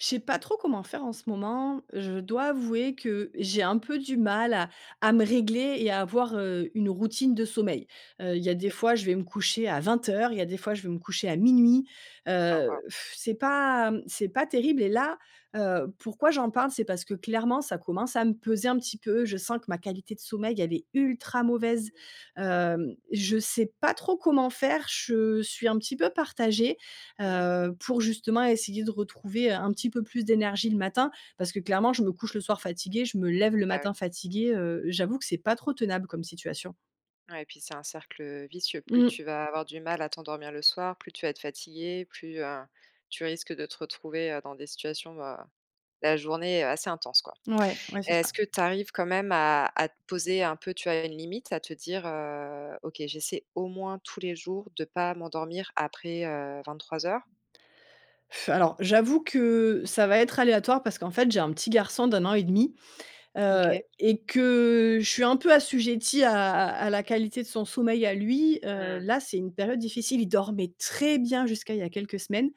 Je sais pas trop comment faire en ce moment. Je dois avouer que j'ai un peu du mal à à me régler et à avoir, heu, une routine de sommeil. Heu, il y a des OK. fois, je vais me coucher à 20:00, il y a des fois, je vais me coucher à 00:00. Ah, Heu, waouh! c'est pas, mmh, c'est pas terrible. Et là, heu, pourquoi j'en parle? C'est parce que clairement, ça commence à me peser un petit peu. Je sens que ma qualité de sommeil, elle est ultra mauvaise. Hem, je sais pas trop comment faire. Je suis un petit peu partagée. Mmh. Heu, pour justement essayer de retrouver, heu, un petit peu plus d'énergie le matin. Parce que clairement, je me couche le soir fatiguée, je me lève le Bah, ouais. matin fatiguée, heu, j'avoue que c'est pas trop tenable comme situation. Ouais et puis c'est un cercle, heu, vicieux. Plus Mmh mh. tu vas avoir du mal à t'endormir le soir, plus tu vas être fatiguée, plus, heu, tu risques de te retrouver, heu, dans des situations, heu, la journée, heu, assez intense quoi. Mouais, ouais, c'est Est-ce ça. que tu arrives quand même à à te poser un peu, tu vois, une limite? À te dire: «Heu, OK j'essaie au moins tous les jours de pas m'endormir après, heu, 23:00»? Alors, j'avoue que ça va être aléatoire parce qu'en fait, j'ai un petit garçon d'1,5 ans. Heu, OK. et que je suis un peu assujettie à à à la qualité de son sommeil à lui. Heu, Mmh. là c'est une période difficile. Il dormait très bien jusqu'à il y a quelques semaines.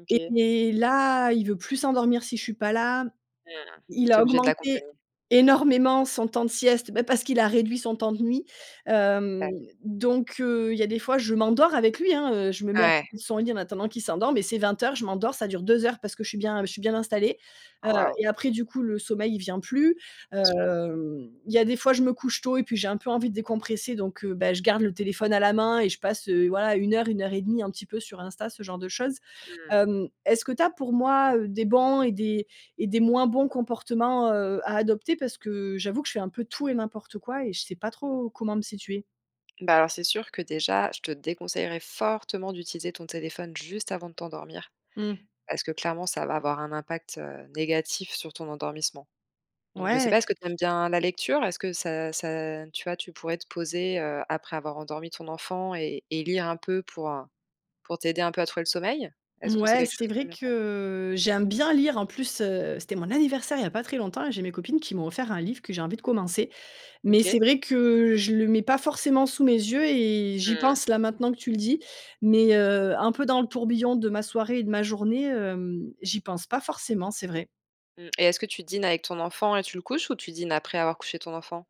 OK. Et là, il veut plus s'endormir si je suis pas là. Mmh. Il Tu es a obligée de augmenté l'accompagner. énormément son temps de sieste, bah, parce qu'il a réduit son temps de nuit. Hem, D'a donc, heu, il y a des fois, je m'endors avec lui, hein, heu, je me mets à Ouais. côté de son lit en attendant qu'il s'endorme, et c'est 20:00, je m'endors, ça dure 2 heures parce que je suis bien je suis bien installée. Heu, Oh, waouh. et après du coup, le sommeil il vient plus. Bien sûr. Hem, il y a des fois, je me couche tôt et puis j'ai un peu envie de décompresser donc, heu, beh, je garde le téléphone à la main et je passe, heu, voilà, 1-1,5, un petit peu sur Insta, ce genre de choses. Mmh. Hem, est-ce que tu as pour moi, heu, des bons et des et des moins bons comportements, heu, à adopter? Parce que j'avoue que je fais un peu tout et n'importe quoi et je sais pas trop comment me situer. Bah, alors, c'est sûr que, déjà, je te déconseillerai fortement d'utiliser ton téléphone, juste avant de t'endormir. Mmh. Parce que clairement, ça va avoir un impact, heu, négatif sur ton endormissement. Donc, je sais Mouais! pas, est-ce que tu aimes bien, la lecture? Est-ce que ça ça, tu vois, tu pourrais te poser, heu, après avoir endormi ton enfant et-et lire un peu, pour, heu, pour t'aider un peu à trouver le sommeil? Est-ce que c'est Mouais, quelque chose c'est que tu vrai aimes bien faire? que j'aime bien lire en plus, heu, c'était mon anniversaire, il y a pas très longtemps, et j'ai mes copines qui m'ont offert un livre que j'ai envie de commencer. Mais, c'est OK. vrai que je le mets pas forcément sous mes yeux et j'y Mmh. pense là maintenant que tu le dis. Mais, heu, un peu dans le tourbillon de ma soirée et de ma journée, hem, j'y pense pas forcément, c'est vrai. Mmh. Et est-ce que tu dînes avec ton enfant et tu le couches, ou tu dînes après avoir couché ton enfant?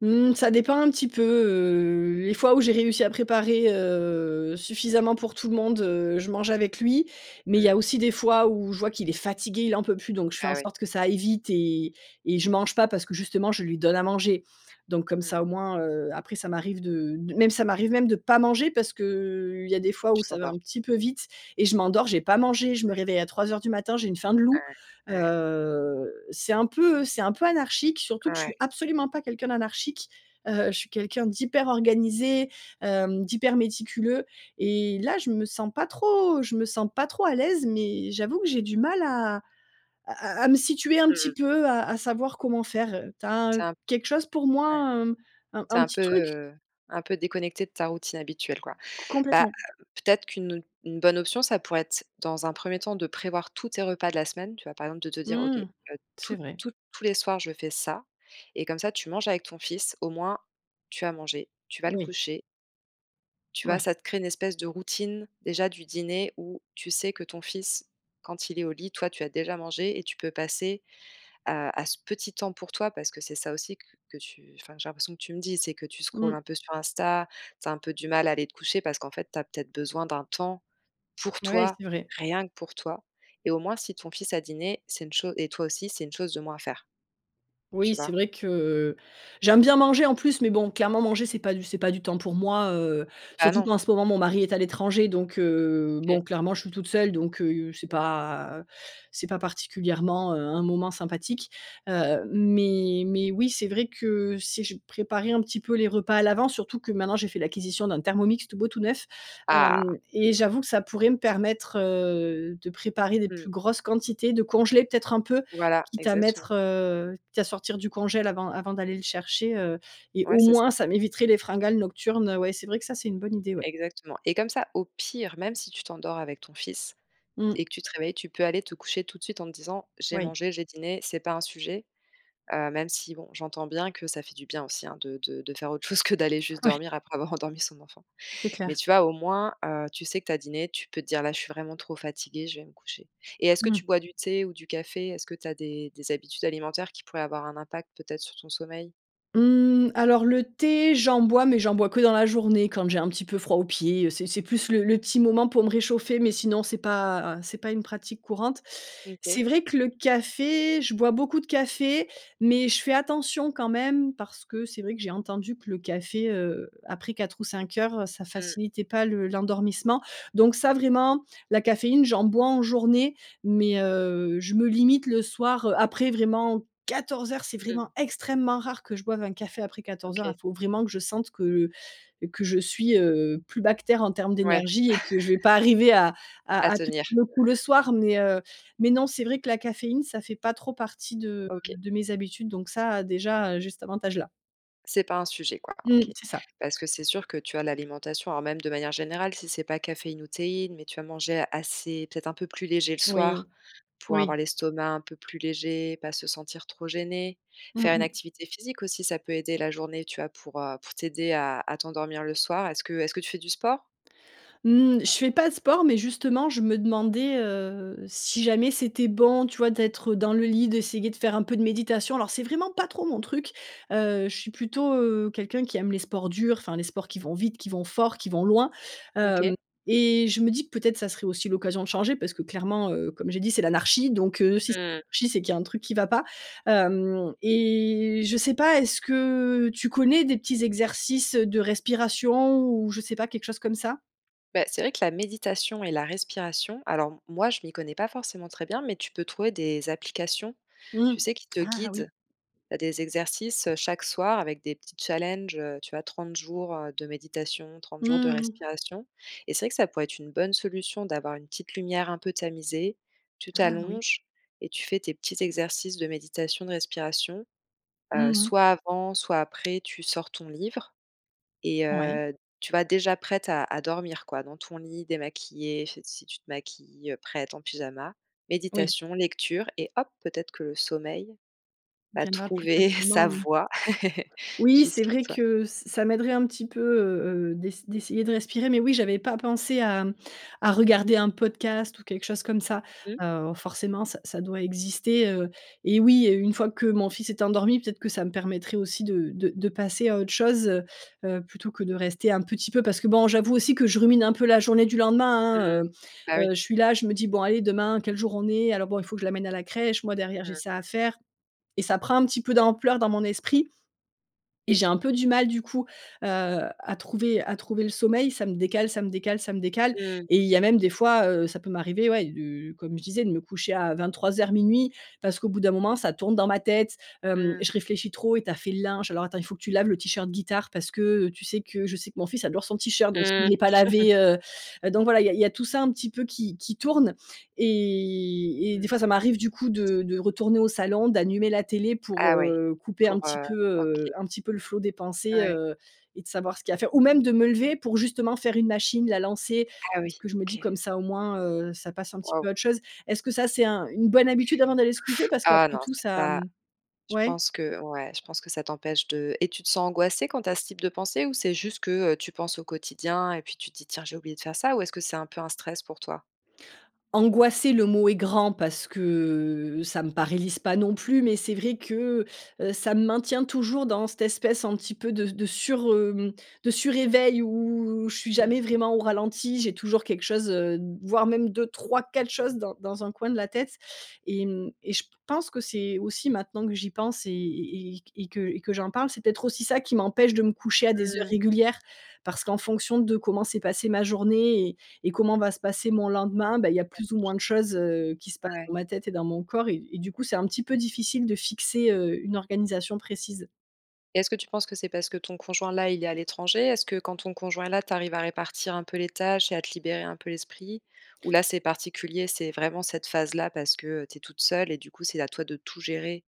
Mmh, ça dépend un petit peu, heu, les fois où j'ai réussi à préparer, heu, suffisamment pour tout le monde, heu, je mangeais avec lui. Mais il y a Mmh. aussi des fois, où je vois qu'il est fatigué, il en peut plus, donc je fais en Ah ouais. sorte que ça aille vite et et je mange pas, parce que justement, je lui donne à manger. Donc, comme Mmh ça, mh. au moins, heu, après ça m'arrive de d même ça m'arrive même de pas manger, parce que, heu, il y a des fois où Tu ça va t'endors. un petit peu vite et je m'endors, j'ai pas mangé, je me réveille à 03:00 du matin, j'ai une faim de loup, Ouais, ouais. heu, c'est un peu, heu, c'est un peu anarchique, surtout que je suis Ouais. absolument pas quelqu'un d'anarchique. Heu, je suis quelqu'un d'hyper organisé, hem, d'hyper méticuleux. Et là, je me sens pas trop je me sens pas trop à l'aise, mais j'avoue que j'ai du mal à à à à me situer un Mmh petit mh. peu, à à savoir comment faire heu, tu as un Tu es heu, un quelque chose pour ouais. moi, hem, un Tu es un un petit peu, truc? heu, un peu déconnectée de ta routine habituelle, quoi. C Bah, complètement. peut-être qu'une une bonne option, ça pourrait être, dans un 1er temps, de prévoir tous tes repas de la semaine, tu vois? Par exemple, de te dire: «OK, heu, Mmh. C'est tous, vrai. tous, tous les soirs je fais ça» et comme ça, tu manges avec ton fils, au moins, tu as mangé, tu vas le Oui. coucher. Tu vois Mouais. ça te crée une espèce de routine, déjà, du dîner, où, tu sais que ton fils, quand il est au lit, toi tu as déjà mangé et tu peux passer à à ce petit temps pour toi, parce que c'est ça aussi que que tu enfin j'ai l'impression que tu me dis c'est que, heu, tu scroll Mmh. un peu sur Insta, tu as un peu du mal à aller te coucher, parce qu'en fait tu as peut-être besoin d'un temps, pour Ouais, toi, c'est vrai. rien que pour toi. Et au moins si ton fils a dîné, c'est une cho et toi aussi c'est une chose de moins à faire. Tu Oui, c'est vois? vrai que, j'aime bien manger en plus, mais bon, clairement, manger c'est pas du c'est pas du temps pour moi, heu. Ah, Surtout non. qu'en ce moment mon mari est à l'étranger donc, heu, OK. bon, clairement je suis toute seule, donc, heu, c'est [unintelligible] pas heu, c'est pas particulièrement, heu, un moment sympathique. Heu, mais mais oui, c'est vrai que si je préparais un petit peu les repas à l'avance, surtout que maintenant j'ai fait l'acquisition d'un Thermomix, tout beau tout neuf, Ah! hem. Et j'avoue que ça pourrait me permettre, heu, de préparer des Mmh. plus grosses quantités, de congeler peut-être un peu? Voilà. Quitte à Exactement. mettre heu, quitte à sortir du congélateur avant avant d'aller le chercher, heu. Et Ouais, au c'est ça. moins, ça m'éviterait les fringales nocturnes. Heu, ouais c'est vrai que ça, c'est une bonne idée, ouais. Exactement. Et comme ça au pire, même si tu t'endors avec ton fils et Mmh. que tu te réveilles, tu peux aller te coucher tout de suite en te disant: «J'ai Oui. mangé, j'ai dîné, c'est pas un sujet». Heu, même si, bon, j'entends bien que ça fait du bien aussi, hein, de de de faire autre chose que, heu, d'aller juste Ouais. dormir après avoir endormi son enfant. C'est Mais clair. tu vois au moins, heu, tu sais que tu as dîné, tu peux te dire: «Là je suis vraiment trop fatiguée, je vais me coucher». Et est-ce que Mmh. tu bois du thé ou du café? Est-ce que tu as des des habitudes alimentaires qui pourraient avoir un impact, peut-être, sur ton sommeil? Hum, alors, le thé, j'en bois, mais j'en bois que dans la journée quand j'ai un petit peu froid aux pieds, heu, c'est c'est plus le le petit moment pour me réchauffer, mais sinon c'est pas c'est pas une pratique courante. Mmh OK. C'est vrai que le café, je bois beaucoup de café mais je fais attention quand même parce que c'est vrai que j'ai entendu que le café, heu, après 16:00 ou 17:00, heu, ça Mmh. facilitait pas le l'endormissement donc ça, vraiment, la caféine, j'en bois en journée, mais, heu, je me limite le soir, heu, après vraiment 14:00, c'est Mmh mh. vraiment extrêmement rare que je boive un café après 14:00, hein, OK. il faut vraiment que je sente que que je suis, heu, plus bas que terre en terme Ouais. d'énergie et que je vais pas arriver à À à à tenir tenir. le coup le soir, mais, heu, mais non, c'est vrai que la caféine, ça fait pas trop partie de OK. de mes habitudes donc ça, déjà, heu, j'ai cet avantage-là. C'est pas un sujet, quoi, Mmh, OK. c'est ça. Parce que c'est sûr que tu as l'alimentation, alors même de manière générale si c'est pas caféine ou théine, mais tu vas manger assez, peut-être un peu plus léger le Oui. soir, pour Oui. avoir l'estomac un peu plus léger, pas se sentir trop gênée, Mmh faire une mh. activité physique aussi, ça peut aider la journée, tu vois, pour, heu, pour t'aider à à t'endormir le soir. Est-ce que est-ce que tu fais du sport? Mmh, je fais pas de sport, mais justement, je me demandais, heu, si jamais c'était bon, tu vois, d'être, heu, dans le lit, d'essayer de faire un peu de méditation. Alors, c'est vraiment pas trop mon Mmh. truc, heu, je suis plutôt, heu, quelqu'un qui aime les sports durs, enfin, les sports qui vont vite, qui vont fort, qui vont loin, Mmh hem, OK. et je me dis que peut-être, ça serait aussi l'occasion de changer parce que clairement, heu, comme j'ai dit, c'est «l'anarchie» donc, heu, si c'est Mmh. l'anarchie, c'est qu'il y a un truc qui va pas, hem, et je sais pas, est-ce que tu connais des petits exercices, heu, de respiration ou je sais pas quelque chose comme ça? Bah, c'est vrai que la méditation et la respiration, alors m moi je m'y connais pas forcément très bien, mais tu peux trouver des applications, Mmh. tu sais qui te Ah, ah guident. oui. Heu, des exercices, heu, chaque soir avec des petits challenges, heu, tu as 30 jours, heu, de méditation, 30 jours de Mmh mh. respiration et c'est vrai que ça pourrait être une bonne solution d'avoir une petite lumière un peu tamisée, tu Ah, n oui. t'allonges, et tu fais tes petits exercices de méditation, de respiration. Heu, Mmh mh. soit avant, soit après, tu sors ton livre et Ouais. heu, tu vois? Déjà prête à à dormir quoi, dans ton lit, démaquillée fait si tu te maquilles, heu, prête en pyjama. Oui. Méditation, lecture et hop, peut-être que le sommeil, va Viendra plus trouver sa facilement, mmh. voie, Oui, c'est jusqu'à vrai toi. que, ç ça m'aiderait un petit peu, heu heu, d'ess d'essayer de respirer, mais oui, j'avais pas pensé à, mmh, à regarder un podcast ou quelque chose comme ça. Mmh. Heu, forcément ça ça doit exister, heu, et oui, et une fois que mon fils est endormi, peut-être que ça me permettrait aussi de de de passer à autre chose, heu heu, plutôt que de rester un petit peu. Parce que bon, j'avoue aussi que je rumine un peu la journée du lendemain, hein, Mmh. heu Bah, oui. heu, je suis là, je me dis: «Bon allez demain, quel jour on est? Alors bon, il faut que je l'amène à la crèche, moi derrière j'ai Mmh. ça à faire», et ça prend un petit peu d'ampleur dans mon esprit, et j'ai un peu du mal, du coup, heu, à trouver à trouver le sommeil. Ça me décale, ça me décale, ça me décale, Mmh. et il y a même des fois, heu, ça peut m'arriver, ouais, de comme je disais de me coucher à, 23:00-00:00. Parce qu'au bout d'un moment ça tourne dans ma tête, hem, Mmh. je réfléchis trop: «Et tu as fait le linge? Alors attends, il faut que tu laves le tee-shirt guitare parce que, heu, tu sais que», je sais que mon fils adore son tee-shirt, donc Mmh. s'il est pas lavé, heu heu, donc voilà, il y a il y a tout ça un petit peu qui qui tourne, et et des Mmh. fois, ça m'arrive du coup de de retourner au salon, d'allumer la télé pour, Ah, ouais. heu, couper un Pour, petit heu peu, heu, OK. un petit peu le flot des pensées, Ouais. heu, et de savoir ce qu'il y a à faire, ou même de me lever pour justement faire une machine, la lancer, Ah, parce oui. que je me dis: OK. «Comme ça au moins, heu, ça passe un petit Waouh. peu à autre chose». Est-ce que ça c'est un une bonne habitude avant d'aller se coucher? Parce Ah qu'après non, tout c'est ça, pas mmh je ouais? pense que ouais. Je pense que ça t'empêche de et tu te sens angoissée quand tu as ce type de pensées? Ou c'est juste que, heu, tu penses au quotidien et puis tu te dis: «Tiens, j'ai oublié de faire ça», ou est-ce que c'est un peu un stress pour toi? Angoisser le mot est grand parce que, ça me paralyse pas non plus, mais c'est vrai que, heu, ça me maintient toujours dans cette espèce un petit peu de s de sur, hem, de sur éveil où, je suis jamais Mmh. vraiment au ralenti, j'ai toujours quelque chose, heu, d voire même 2-3-4 choses dans dans un coin de la tête et mmh, et je p pense que c'est aussi maintenant que j'y pense, et et et q et que et que j'en parle c'est peut-être aussi ça qui m'empêche de me coucher à des heures Mmh. régulières. Parce qu'en fonction de comment s'est passée ma journée et et comment va se passer mon lendemain, beh, il y a plus ou [unintelligible] moins de choses, heu, qui se passent Ouais. dans ma tête et dans mon corps et et du coup, c'est un petit peu difficile de fixer, heu, une organisation précise. Et est-ce que tu penses que c'est parce que ton conjoint-là, il est à l'étranger? Est-ce que, quand ton conjoint est là, tu arrives à répartir un peu les tâches et à te libérer un peu l'esprit? Ou là, c'est particulier. C'est vraiment cette phase-là parce que tu es toute seule et du coup, c'est à toi de tout gérer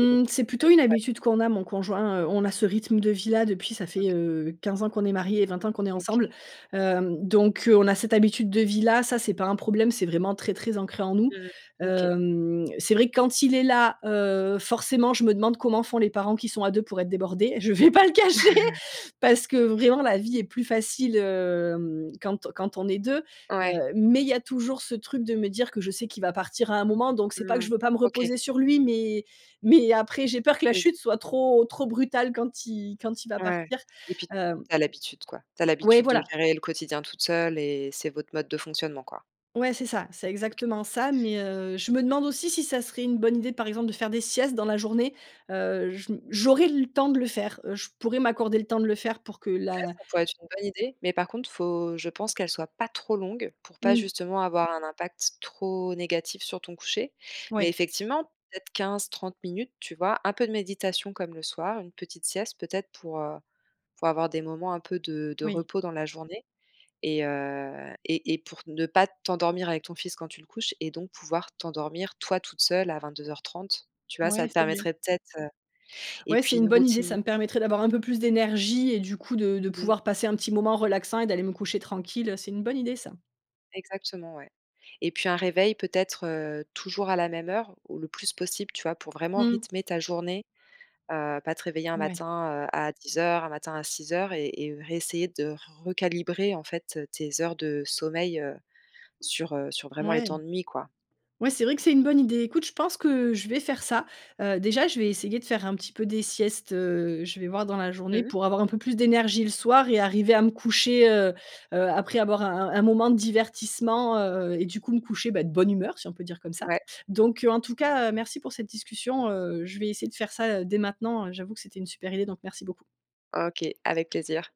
et donc? C'est plutôt une [unintelligible] habitude qu'on a, mon conjoint, heu, on a ce rythme de vie-là depuis, ça fait, OK. heu, 15 ans qu'on est marié et 20 ans qu'on est OK. ensemble. Hem, donc, heu, on a cette habitude de vie-là, ça, c'est pas un problème. C'est vraiment très, très ancré en nous. Mmh mh. OK. Hem, c'est vrai quand il est là, heu, forcément, je me demande comment font les parents qui sont à 2 pour être débordés. Je vais pas le cacher, parce que, vraiment, la vie est plus facile, hem, quand quand on est 2. Heu, Ouais. mais, il y a toujours ce truc de me dire que je sais qu'il va partir à un moment. Donc, c'est pas que je Mmh. veux pas me OK. reposer sur lui, mais mais, après, j'ai peur que la Oui. chute soit trop, trop brutale quand il quand il va Ouais partir, et puis, tu hem as l'habitude, quoi. Tu as Ouais, l'habitude de voilà. gérer le quotidien toute seule et c'est votre mode de fonctionnement, quoi. Ouais, c'est ça. C'est OK. OK. exactement ça. Mais, heu, je me demande aussi si ça serait une bonne idée, par exemple, de faire des siestes dans la journée. Heu, je m j'aurais le temps de le faire, heu, je pourrais m'accorder le temps de le faire pour que Ouais, la ça pourrait être une bonne idée. Mais, par contre, faut, je pense, qu'elle soit pas trop longue pour pas Mmh. justement avoir un impact trop négatif sur ton coucher. Mais, Ouais. effectivement, peut-être 15-30 minutes. Tu vois? Un peu de méditation comme le soir, une petite sieste peut-être pour, heu, pour avoir des moments un peu de de Oui. repos dans la journée et heu, et et pour ne pas t'endormir avec ton fils quand tu le couches et donc pouvoir t'endormir, toi, toute seule, à 22:30. Tu vois? Ouais, Ça te c'est vrai. permettrait peut-être, heu et Ouais, c'est puis, une une bonne idée. routine Ça me permettrait d'avoir un peu plus d'énergie et du coup, de de Mmh. pouvoir passer un petit moment relaxant et d'aller me coucher tranquille, heu, c'est une bonne idée, ça. Exactement, ouais, et puis, un réveil peut-être, heu, toujours à la même heure ou le plus possible. Tu vois? Pour vraiment Mmh. rythmer ta journée. Heu, pas te réveiller un Mouais. matin, heu, à 10:00, un matin à 6:00 et et heu, réessayer de recalibrer en faite, heu, tes heures de sommeil, heu, sur, heu, sur vraiment les Mouais. temps de nuit, quoi. Ouais, c'est vrai que c'est une bonne idée. Écoute, je pense que je vais faire ça. Heu, déjà, je vais essayer de faire un petit peu des siestes, heu. Je vais voir dans la journée Mmh mh. pour avoir un peu plus d'énergie le soir et arriver à me coucher, heu heu, après avoir un un moment de divertissement, heu, et du coup, me coucher, bah, de bonne humeur, si on peut dire comme ça. Ouais. Donc, heu, en tout cas, heu, merci pour cette discussion. Heu, je vais essayer de faire ça, heu, dès maintenant. J'avoue que c'était une super idée, donc merci beaucoup. OK. Avec plaisir.